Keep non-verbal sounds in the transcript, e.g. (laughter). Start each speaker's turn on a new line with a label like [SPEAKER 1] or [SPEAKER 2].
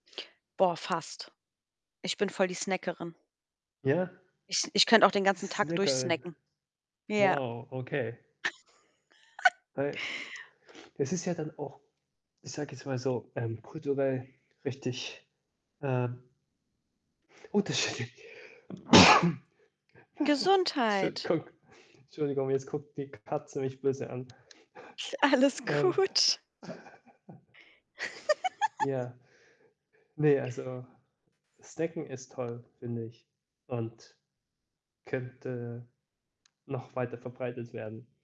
[SPEAKER 1] Boah, fast. Ich bin voll die Snackerin.
[SPEAKER 2] Ja.
[SPEAKER 1] Ich ich könnte auch den ganzen Tag durch
[SPEAKER 2] Snackerin.
[SPEAKER 1] snacken. Ja.
[SPEAKER 2] Wow, okay.
[SPEAKER 1] (laughs)
[SPEAKER 2] Weil, das ist ja dann auch ich sage jetzt mal so, ähm, kulturell richtig, ähm unterschiedlich. (sneezes) (chuckles)
[SPEAKER 1] Gesundheit.
[SPEAKER 2] Entschuldigung. Entschuldigung, jetzt guckt die Katze mich böse an. (chuckles)
[SPEAKER 1] Ist alles
[SPEAKER 2] Ähm
[SPEAKER 1] gut.
[SPEAKER 2] (chuckles)
[SPEAKER 1] (laughs)
[SPEAKER 2] Ja. Ne, also, Snacken ist toll, finde ich und könnte noch weiter verbreitet werden.